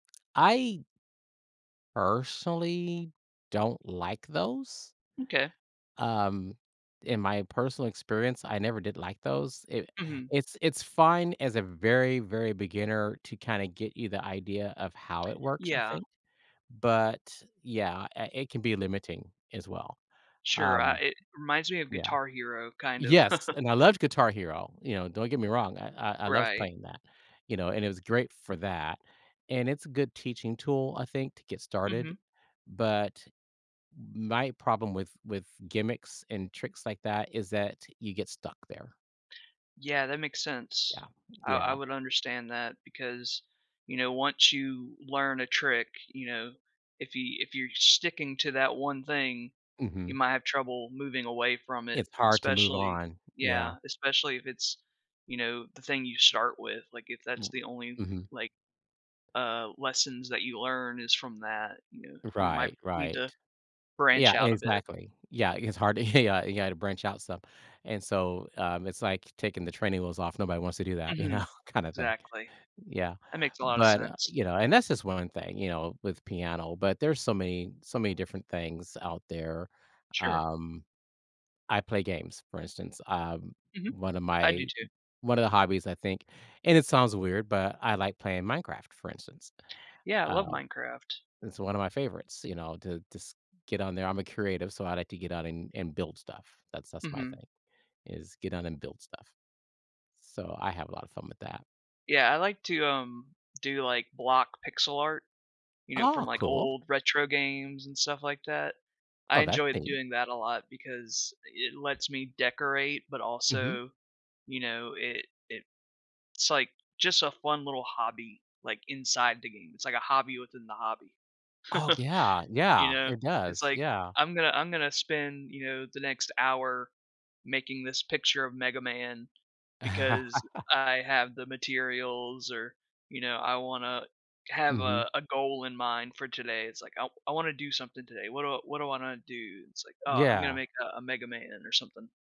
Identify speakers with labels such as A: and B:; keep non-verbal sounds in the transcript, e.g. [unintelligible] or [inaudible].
A: I personally don't like those.
B: M'kay.
A: Um, in my personal experience, I never did like those, it
B: Mhm.
A: it's it's fine as a very, very beginner to kinda get you the idea of how it works, I
B: Yeah.
A: think, but yeah, uh, it can be, uh, limiting as well,
B: Sure, uh,
A: um
B: it reminds me of
A: yeah.
B: Guitar Hero, kind of.
A: Yes,
B: [chuckles]
A: and I loved Guitar Hero, you know, don't get me wrong, I I I loved
B: Right.
A: playing that, you know, and it was great for that, and it's a good teaching tool I think to get started,
B: Mhm.
A: but my problem with with gimmicks and tricks like that is that you get stuck there.
B: Yeah, that makes
A: Yeah,
B: sense. I I
A: yeah.
B: would understand that because, you know, once you learn a trick, you know, if you if you're sticking to that one thing, you
A: Mhm.
B: might have trouble moving away from it,
A: It's hard to move
B: especially
A: on, yeah.
B: Yeah, especially if it's, you know, the thing you start with, like, if that's the
A: [unintelligible]
B: only,
A: Mhm.
B: like, uh, lessons that you learn is from that, you know, you might
A: Right,
B: need to
A: right.
B: branch
A: Yeah,
B: out a bit.
A: exactly, yeah, it's hard to yeah, ya you gotta branch out some, and so, um, it's like taking the training wheels off, nobody wants to do that, you know,
B: Mhm.
A: kinda thing,
B: Exactly.
A: yeah,
B: That makes a lotta
A: but, uh,
B: sense.
A: you know, and that's just one thing, you know, with piano, but there's so many so many different things out there,
B: Sure.
A: um, I play games for instance, um,
B: Mhm.
A: one of
B: I do
A: my
B: too.
A: o one of the hobbies I think, and it sounds weird, but I like playing Minecraft, for instance,
B: Yeah, I love
A: um,
B: Minecraft.
A: it's one of my favorites, you know, to to s get on there, I'm a creative, so I like to get on and and build stuff, that's that's my
B: Mhm.
A: thing, is get on and build stuff, so I have a lotta fun with that.
B: Yeah, I like to, um, do, like, block pixel art, you know, from,
A: Aw,
B: like,
A: cool.
B: old retro games and stuff like that. I
A: Oh, that's
B: enjoyed
A: neat.
B: doing that a lot because i it lets me decorate, but
A: Mhm.
B: also, you know, it it it's like just a fun little hobby, like, inside the game, it's like a hobby within the hobby,
A: Oh, yeah,
B: [chuckles] you
A: yeah,
B: know?
A: it
B: It's,
A: does,
B: like,
A: yeah.
B: "I'm gonna I'm gonna spend, you know, the next hour making this picture of Mega Man because
A: [laughs]
B: I have the materials or, you know, I wanna have
A: Mhm.
B: a a goal in mind for today." It's like, "I w I wanna do something today, what do what do I wanna do?" It's like, "Oh, I'm gonna
A: Yeah.
B: make a a Mega Man or something."